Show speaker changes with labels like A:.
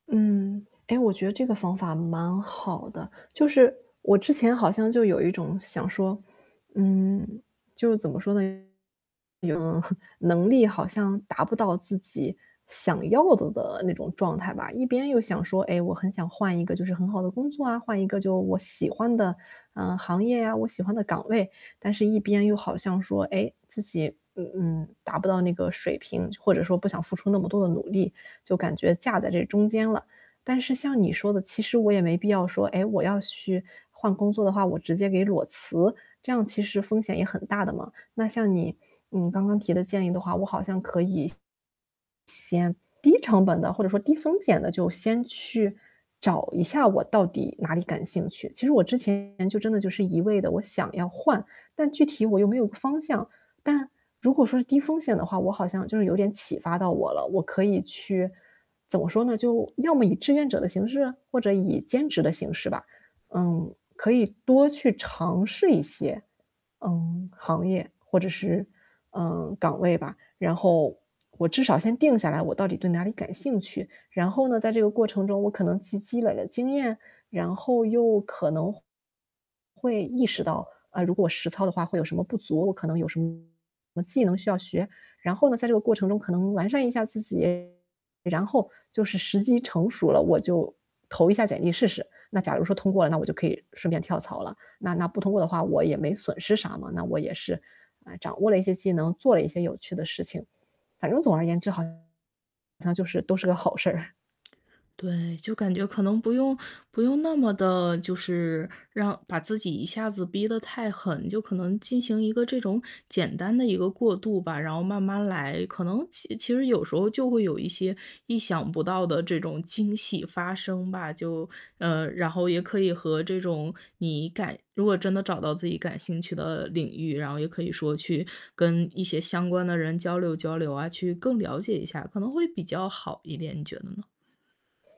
A: 嗯，哎，我觉得这个方法蛮好的。就是，我之前好像就有一种想说，嗯，就是怎么说呢？有 能力好像达不到自己想要的的那种状态吧。一边又想说，哎，我很想换一个就是很好的工作啊，换一个就我喜欢的，嗯，行业啊，我喜欢的岗位。但是一边又好像说，哎，自己，嗯嗯，达不到那个水平，就或者说不想付出那么多的努力，就感觉架在这中间了。但是像你说的，其实我也没必要说，哎，我要去换工作的话，我直接给裸辞，这样其实风险也很大的嘛。那像你，嗯，刚刚提的建议的话，我好像可以先低成本地或者说低风险地就先去找一下我到底哪里感兴趣。其实我之前就真的就是一味地，我想要换，但具体我又没有个方向。但，如果说是低风险的话，我好像就是有点启发到我了，我可以去怎么说呢，就，要么以志愿者的形式？或者以兼职的形式吧。嗯，可以多去尝试一些，嗯，行业，或者是，嗯，岗位吧。然后，我至少先定下来我到底对哪里感兴趣，然后呢，在这个过程中我可能积积累了经验，然后又可能会意识到，啊，如果实操的话会有什么不足，我可能有什么技能需要学。然后呢在这个过程中可能完善一下自己，然后就是时机成熟了，我就投一下简历试试。那假如说通过了，那我就可以顺便跳槽了。那那不通过的话我也没损失啥嘛，那我也是，啊，掌握了一些技能，做了一些有趣的事情。反正总而言之好像就是都是个好事儿。
B: 对，就感觉可能不用不用那么地就是让把自己一下子逼得太狠，就可能进行一个这种简单的一个过渡吧，然后慢慢来，可能其其实有时候就会有一些意想不到的这种惊喜发生吧，就嗯，然后也可以和这种你感如果真的找到自己感兴趣的领域，然后也可以说去跟一些相关的人交流交流啊，去更了解一下，可能会比较好一点，你觉得呢？